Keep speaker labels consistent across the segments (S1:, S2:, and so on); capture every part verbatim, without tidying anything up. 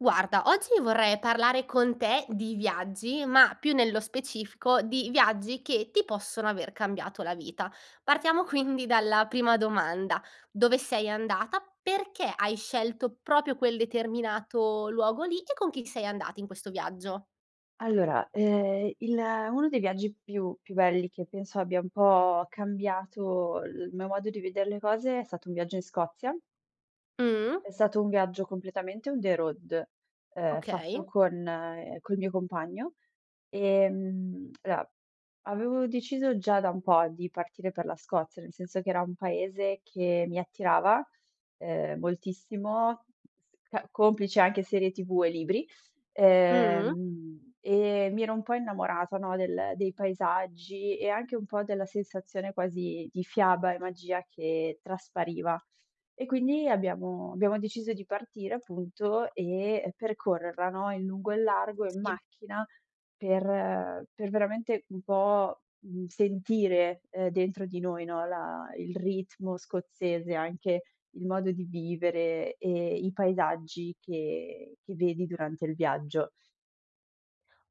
S1: Guarda, oggi vorrei parlare con te di viaggi, ma più nello specifico di viaggi che ti possono aver cambiato la vita. Partiamo quindi dalla prima domanda: dove sei andata? Perché hai scelto propio quel determinato luogo lì e con chi sei andata in questo viaggio?
S2: Allora, ehm, il uno dei viaggi più più belli che penso abbia un po' cambiato il mio modo di vedere le cose è stato un viaggio in Scozia.
S1: Mh.
S2: È stato un viaggio completamente on the road, ehm, fatto
S1: Okay.
S2: con col mio compagno. Ehm, aloa. Avevo deciso già da un po' di partire per la Scozia, nel senso che era un paese che mi attirava, uhm, moltissimo, ca complici anche serie TV e libri.
S1: Mh.
S2: Ehm, e mi ero un po' innamorata, no, del dei paesaggi e anche un po' della sensazione quasi di fiaba e magia che traspariva. E quindi abbiamo abbiamo deciso di partire appunto e e percorrerla, no, in lungo e in largo in
S1: Sì.
S2: macchina per per veramente un po', mhmm, sentire, ehm, dentro di noi, no, la il ritmo scozzese, anche il modo di vivere e i paesaggi che che vedi durante il viaggio.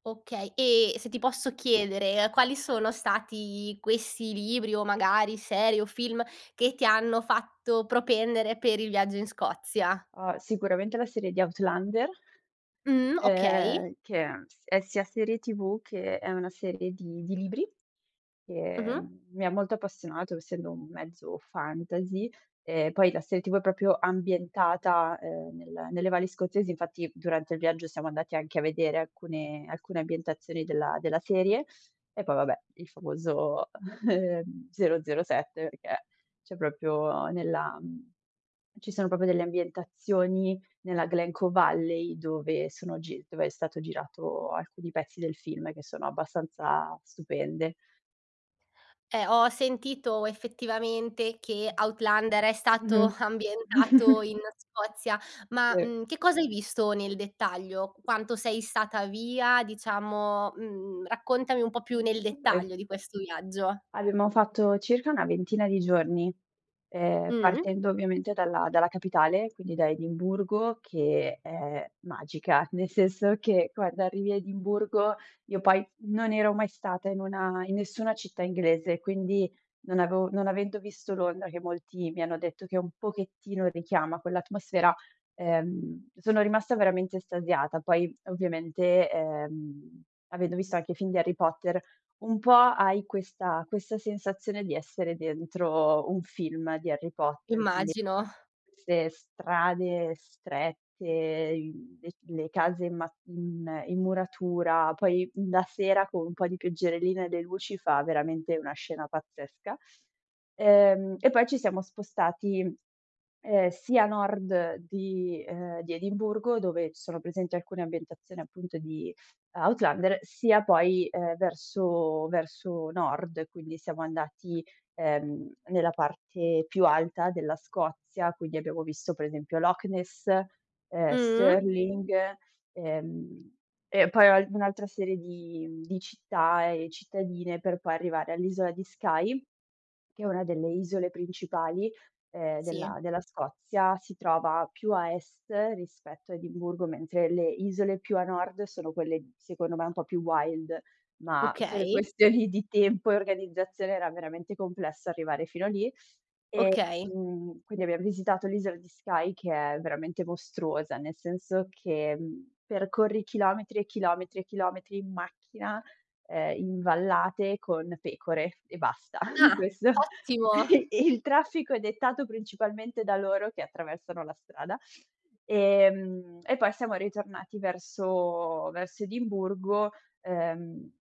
S1: Okay. E, se ti posso chiedere, quali sono stati questi libri, o magari serie o film, che ti hanno fatto propendere per il viaggio in Scozia?
S2: Uhm, sicuramente la serie di Outlander
S1: Mh, okay.
S2: ehm, che è s è sia serie TV che è una serie di di libri,
S1: Mh-mh.
S2: ehm, mi ha molto appassionato, essendo un mezzo fantasy, e poi la serie TV è propio ambientata, ehm, nel nelle valli scozzesi, infatti durante il viaggio siamo andati anche a vedere alcune alcune ambientazioni della della serie e poi, vabbè, il famoso, ehm, 007, perché c'è propio nella mhmm, ci sono propio delle ambientazioni nella Glen Coe Valley, dove sono gi dove è stato girato alcuni pezzi del film che sono abbastanza stupende.
S1: Eh, ho ho sentito effettivamente che Outlander è
S2: [unintelligible]
S1: stato
S2: Mh-mh.
S1: ambientato in Scozia. Ma,
S2: Sì.
S1: mhmm, che cosa hai visto nel dettaglio? Quanto sei stata via? Diciamo, mhmm, raccontami un po' più
S2: Mh,
S1: nel
S2: okay.
S1: dettaglio di questo viaggio.
S2: Abbiamo fatto circa una ventina di giorni, ehm,
S1: Mh.
S2: partendo ovviamente dalla dalla capitale, quindi da Edimburgo, che è magica. Nel senso che guarda, arrivi a Edimburgo io poi non ero mai stata in una in nessuna città inglese, quindi non avevo non avendo visto Londra, che molti mi hanno detto che un pochettino richiama quell'atmosfera, ehm, sono rimasta veramente estasiata. Poi ovviamente, ehm, avendo visto anche i film di Harry Potter, un po' hai questa questa sensazione di essere dentro un film di Harry Potter. Quindi
S1: Immagino.
S2: 'ste strade strette, le c le case in ma in in muratura. Poi la sera, con un po' di pioggerellina e le luci, fa veramente una scena pazzesca. Ehm, e poi ci siamo spostati, ehm, sia a nord di ehm, di Edimburgo, dove sono presenti alcune ambientazioni appunto di Outlander, sia poi, ehm, verso verso nord, quindi siamo andati, ehm, nella parte più alta della Scozia. Quindi abbiamo visto per esempio Loch Ness, ehm,
S1: Mh.
S2: Stirling, ehm, e poi [unintelligible] un'altra serie di mhmm, di città e cittadine, per poi arrivare all'isola di Skye, che è una delle isole principali, ehm,
S1: Sì.
S2: della della Scozia. Si trova più a est rispetto a Edimburgo, mentre le isole più a nord sono quelle secondo me un po' più wild. Ma per
S1: Okay.
S2: questioni di tempo e organizzazione era veramente complesso arrivare fino a lì.
S1: Okay.
S2: Ehm, quindi abbiam visitato l'isola di Skye, che è veramente mostruosa, nel senso che percorri chilometri e chilometri e chilometri in macchina, ehm, in vallate con pecore e basta,
S1: Ah,
S2: questo.
S1: ottimo!
S2: E il traffico è dettato principalmente da loro che attraversano la strada. Ehm, e poi siamo ritornati verso verso Edimburgo, ehm,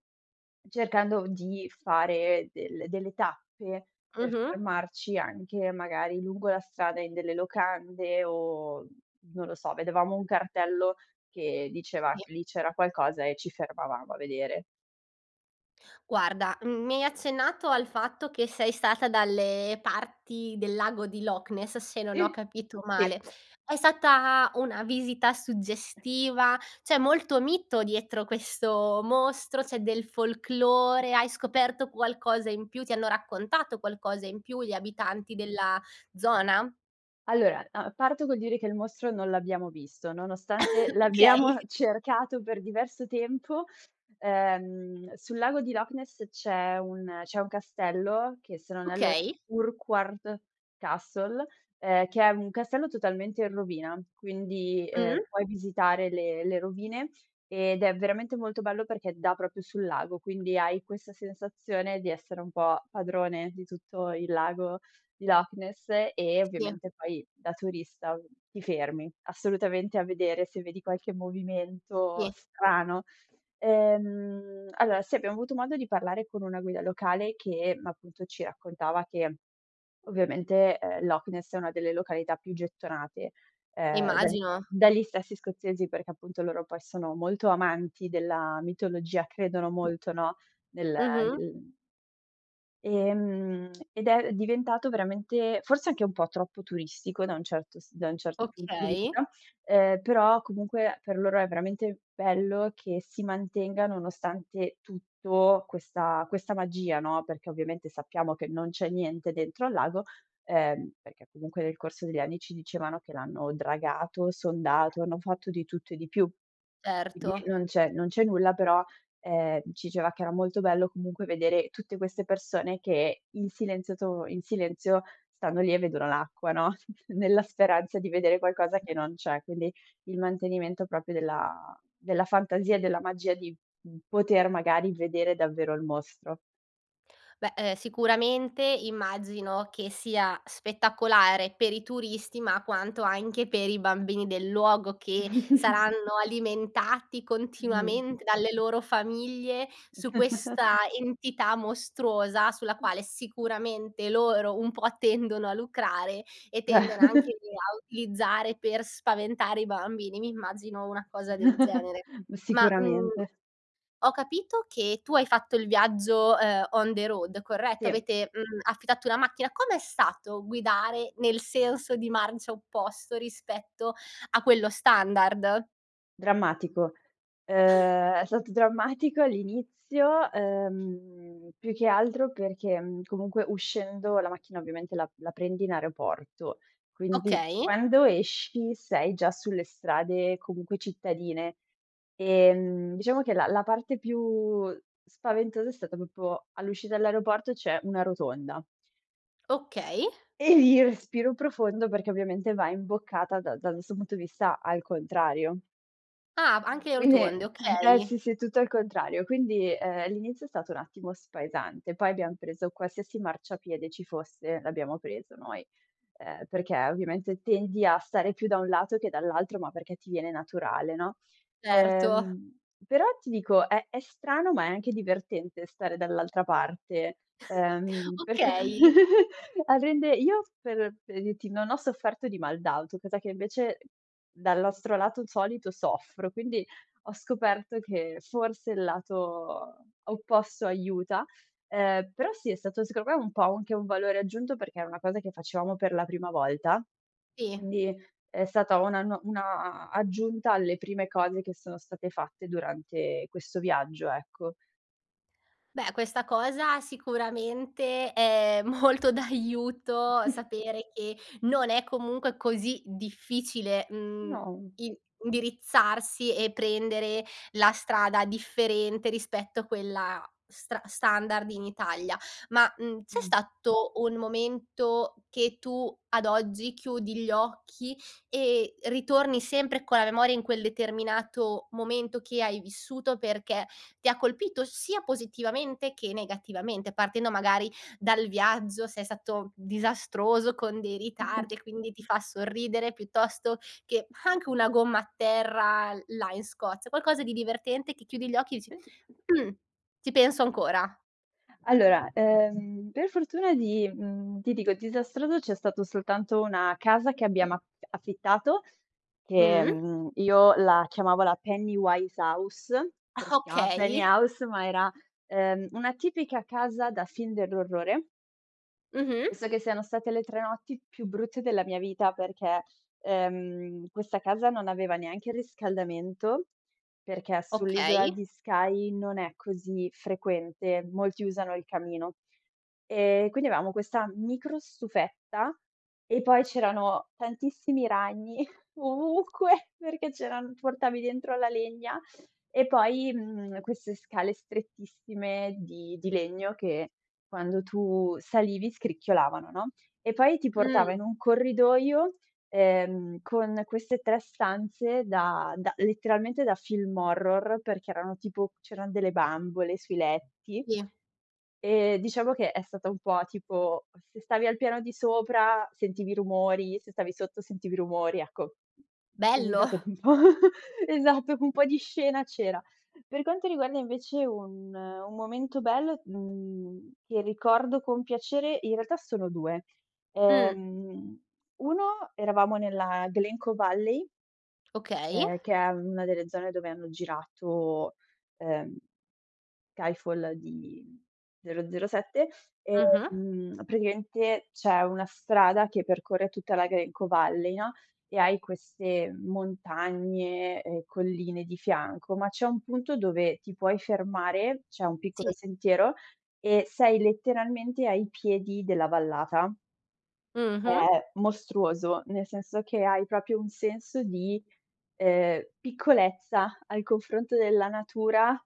S2: cercando v di fare del delle tappe per
S1: Mh-mh.
S2: fermarci anche magari lungo la strada in delle locande o, non lo so, vedevamo un cartello che diceva
S1: Sì.
S2: che lì c'era qualcosa e ci fermavamo a vedere.
S1: Guarda, mhmm, mi hai accennato al fatto che sei stata dalle parti del lago di Loch Ness, se non ho
S2: Sì,
S1: capito male.
S2: sì.
S1: È stata una visita suggestiva? C'è molto mito dietro questo mostro, c'è del folklore, hai scoperto qualcosa in più? Ti hanno raccontato qualcosa in più gli abitanti della zona?
S2: Allora, uhm, parto col dire che il mostro non l'abbiamo visto, nonostante
S1: Okay.
S2: l'abbiamo cercato per diverso tempo. Ehm, sul lago di Loch Ness c'è un c'è un castello che se non erro,
S1: Okay.
S2: Urquhart Castle, ehm, che è un castello totalmente in rovina. Quindi, ehm,
S1: Mh.
S2: puoi visitare le le rovine ed è veramente molto bello perché dà propio sul lago, quindi hai questa sensazione di essere un po' padrone di tutto il lago di Loch Ness e,
S1: Sì.
S2: ovviamente, poi da turista ti fermi assolutamente a vedere se vedi qualche movimento
S1: Sì.
S2: strano. Ehm, allora, sì, abbiamo avuto modo di parlare con una guida locale che appunto ci raccontava che ovviamente, ehm, Loch Ness è una delle località più gettonate, ehm, dagli
S1: Immagino.
S2: dagli stessi scozzesi, perché appunto loro poi sono molto amanti della mitologia, credono molto, no, nel
S1: Mh-mh.
S2: nel Ehm, ed è diventato veramente forse anche un po' troppo turistico da un certo s da un certo punto di
S1: Okay.
S2: vista, ehm, però comunque per loro è veramente bello che si mantenga nonostante tutto questa questa magia, no. Perché ovviamente sappiamo che non c'è niente dentro al lago, ehm, perché comunque nel corso degli anni ci dicevano che l'hanno dragato, sondato, hanno fatto di tutto e di più. Quindi
S1: Certo.
S2: non c'è non c'è nulla, però, ehm, ci iceva che era molto bello comunque vedere tutte queste persone che in silenzio to in silenzio stanno lì e vedono l'acqua, no, nella speranza di vedere qualcosa che non c'è. Quindi il mantenimento propio della della fantasia e della magia di, mhmm, poter magari vedere davvero il mostro.
S1: Beh, ehm, sicuramente immagino che sia spettacolare per i turisti, ma quanto anche per i bambini del luogo, che saranno alimentati
S2: Mh.
S1: continuamente dalle loro famiglie su questa entità mostruosa, sulla
S2: Mh.
S1: quale sicuramente loro un po' tendono a lucrare e tendono anche lì a utilizzare per spaventare i bambini. Mi immagino una cosa del genere.
S2: Mh,
S1: Ma, mhmm,
S2: sicuramente.
S1: ho capito che tu hai fatto il viaggio, ehm, on the road, corretto?
S2: Sì.
S1: Avete, mhmm, affittato una macchina. Com'è stato guidare nel senso di marcia opposto rispetto a quello standard?
S2: Drammatico. Uhm, è stato drammatico all'inizio, ehm, più che altro perché, mhmm, comunque uscendo la macchina ovviamente la la prendi in aeroporto, quindi
S1: Okay.
S2: quando esci sei già sulle strade comunque cittadine. Ehm, diciamo che la la parte più spaventosa è stata popo all'uscita dell'aeroporto, c'è una rotonda
S1: Okay.
S2: e lì respiro profondo perché ovviamente va imboccata dal dal nostro punto di vista al contrario.
S1: Ah, b anche
S2: Quindi
S1: rotonde.
S2: [unintelligible]
S1: Okay.
S2: sì, sì, è tutto al contrario. Quindi, ehm, l'inizio è stato un attimo spaesante, poi abbiam preso qualsiasi marciapiede ci fosse, l'abbiamo preso noi, ehm, perché ovviamente tendi a stare più da un lato che dall'altro, ma perché ti viene naturale, no.
S1: Certo.
S2: Ehm, però ti dico, è è strano, ma è anche divertente stare dall'altra parte. Ehm, perché
S1: Okay.
S2: a rende io, per pre ditti, non ho sofferto di mal d'auto, cosa che invece dal nostro lato solito soffro, quindi ho scoperto che forse il lato opposto aiuta. Ehm, però sì, è stato secondo me un po' u anche un valore aggiunto, perché è una cosa che facevamo per la prima volta.
S1: Sì.
S2: Quindi è stata una nuo una aggiunta alle prime cose che sono state fatte durante questo viaggio, ecco.
S1: Beh, questa cosa sicuramente è molto d'aiuto, sapere che non è comunque così difficile, mhmm,
S2: No.
S1: in indirizzarsi e prendere la strada differente rispetto a quella stra standard in Italia. Ma, mhmm, c'è
S2: Mh.
S1: stato un momento che tu, ad oggi, chiudi gli occhi e ritorni sempre con la memoria in quel determinato momento che hai vissuto, perché ti ha colpito sia positivamente che negativamente? Partendo magari dal viaggio, se è stato disastroso con dei ritardi e quindi ti fa sorridere, piuttosto che anche una gomma a terra là in Scozia. Qualcosa di divertente che chiudi gli occhi e dici:
S2: [unintelligible]
S1: “Mh, ci penso ancora.”
S2: Allora, ehm, per fortuna di, mhmm, ti dico, disastrato c'è stato soltanto una casa che abbiamo af affittato che,
S1: Mh-mh.
S2: mhmm, io la chiamavo la Pennywise House, perché si chiama Penny
S1: Okay.
S2: House, ma era, ehm, una tipica casa da film dell'orrore.
S1: Mh-mh.
S2: Penso che siano state le tre notti più brutte della mia vita, perché, ehm, questa casa non aveva neanche il riscaldamento, perché sull'isola
S1: Okay.
S2: di Skye non è così frequente, molti usano il camino. E quindi avevamo questa microstufetta e poi c'erano tantissimi ragni ovunque, perché c'eran portavi dentro la legna. E poi, mhmm, queste scale strettissime di di legno che quando tu salivi scricchiolavano, no, e poi ti portava
S1: Mh.
S2: in un corridoio, ehm, con queste tre stanze da da letteralmente da film horror, perché erano tipo c'eran delle bambole sui letti.
S1: Sì.
S2: E diciamo che è stata un po' tipo, se stavi al piano di sopra sentivi rumori, se stavi sotto sentivi rumori, ecco. È s
S1: Bello!
S2: stato un po' esatto, un po' di scena c'era. Per quanto riguarda invece un un momento bello, mhmm, che ricordo con piacere, in realtà sono due.
S1: Mh.
S2: Ehm, uno, eravamo nella Glen Coe Valley
S1: Okay.
S2: ehm, che è una delle zone dove hanno girato, ehm, Skyfall di 007.
S1: Mh-mh.
S2: Ehm, praticamente c'è una strada che percorre tutta la Glen Coe Valley, no, e hai queste montagne e colline di fianco, ma c'è un punto dove ti puoi fermare, c'è un
S1: Sì.
S2: piccolo sentiero e sei letteralmente ai piedi della vallata è
S1: Mh-mh.
S2: è mostruoso, nel senso che hai propio un senso di, ehm, piccolezza al confronto della natura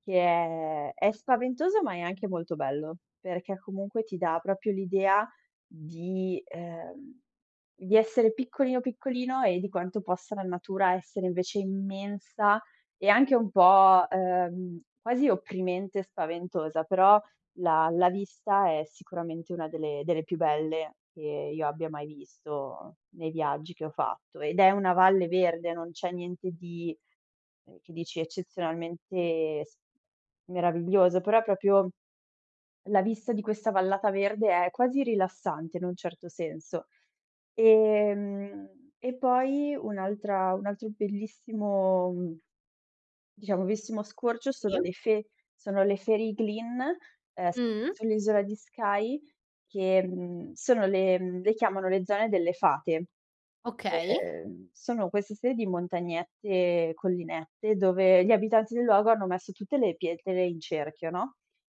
S2: che è è spaventoso, ma è anche molto bello. Perché comunque ti dà propio l'idea di ehm, di essere piccolino, piccolino e di quanto possa la natura essere invece immensa e anche un po', uhm, quasi opprimente e spaventosa. Però la la vista è sicuramente una delle delle più belle che io abbia mai visto nei viaggi che ho fatto, ed è una valle verde, non c'è niente di, uhm, che dici eccezionalmente s meraviglioso, però è propio la vista di questa vallata verde, è quasi rilassante in un certo senso. Ehm, e poi un'altra un altro bellissimo diciamo, veissimo scorcio
S1: Sì.
S2: sono le Fe sono le Fairy Glen, uhm, s
S1: Mh-mh.
S2: sull'isola di Skye, che, mhmm, sono le mhmm, le chiamano "Le zone delle fate".
S1: Okay.
S2: Ehm, sono questa serie di montagnette, collinette dove gli abitanti del luogo hanno messo tutte le pietre in cerchio, no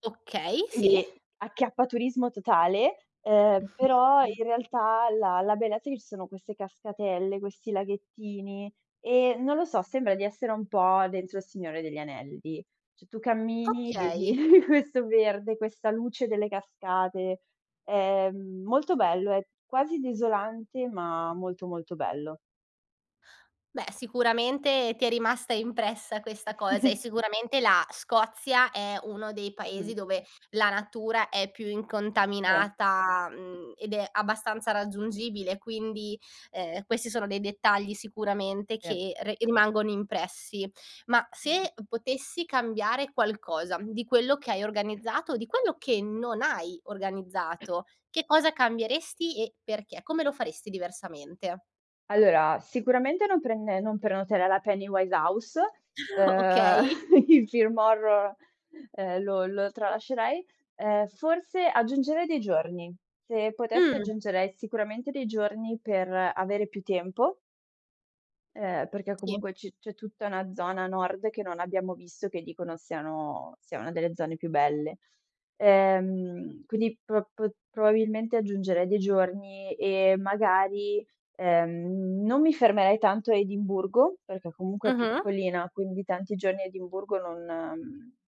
S1: Okay, sì.
S2: quindi acchiappaturismo totale, uhm, però in realtà la la bellezza è che ci sono queste cascatelle, questi laghettini e, non lo so, sembra di essere un po' dentro Il Signore degli Anelli. ceh, tu cammini, vedi
S1: Okay.
S2: questo verde, questa luce delle cascate. Ehm, molto bello, è quasi desolante, ma molto, molto bello.
S1: Beh, sicuramente ti è rimasta impressa questa cosa e sicuramente la Scozia è uno dei paesi
S2: Mh-mh.
S1: dove la natura è più
S2: Sì.
S1: incontaminata, mhmm, ed è abbastanza raggiungibile, quindi, ehm, questi sono dei dettagli sicuramente
S2: Sì.
S1: che re rimangono impressi. Ma
S2: Mh.
S1: se potessi cambiare qualcosa di quello che hai organizzato o di quello che non hai organizzato, che cosa cambieresti e perché? Come lo faresti diversamente?
S2: Allora, sicuramente non prende non prenoterai la Penny Wine House. Uhm,
S1: Okay.
S2: il film horror, ehm, lo lo tralascerei. Ehm, forse aggiungerei dei giorni. Se potessi,
S1: Mh.
S2: aggiungerei sicuramente dei giorni per avere più tempo ehm, perché
S1: Sì.
S2: comunque c c'è tutta una zona nord che non abbiamo visto, che dicono siano sia una delle zone più belle. Ehm, quindi pr p probabilmente aggiungerei dei giorni e magari, ehm, non mi fermerei tanto a Edimburgo, perché comunque è
S1: Mh-mh.
S2: piccolina, quindi tanti giorni a Edimburgo, non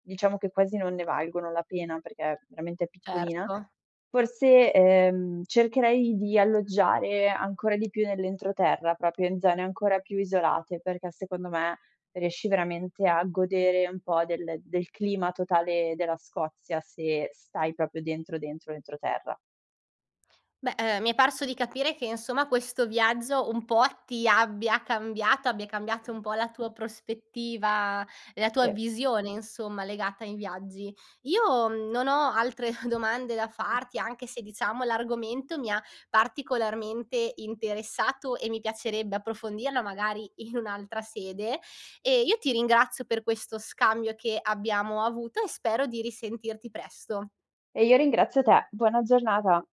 S2: diciamo che quasi non ne valgono la pena, perché veramente è piccolina.
S1: Certo.
S2: Forse, ehm, cercherei di alloggiare ancora di più nell'entroterra, propio in zone ancora più isolate, perché secondo me riesci veramente a godere un po' del del clima totale della Scozia se stai propio dentro, dentro l'entroterra.
S1: Beh, ehm, mi è parso di capire che, insomma, questo viaggio un po' ti abbia cambiata, abbia cambiato un po' la tua prospettiva, la tua
S2: Sì.
S1: visione, insomma, legata ai viaggi. Io non ho altre domande da
S2: Mh.
S1: farti, anche se, diciamo, l'argomento mi ha particolarmente interessato e mi piacerebbe approfondirlo magari in un'altra sede. E io ti ringrazio per questo scambio che abbiamo avuto e spero di risentirti presto.
S2: E io ringrazio te. Buona giornata.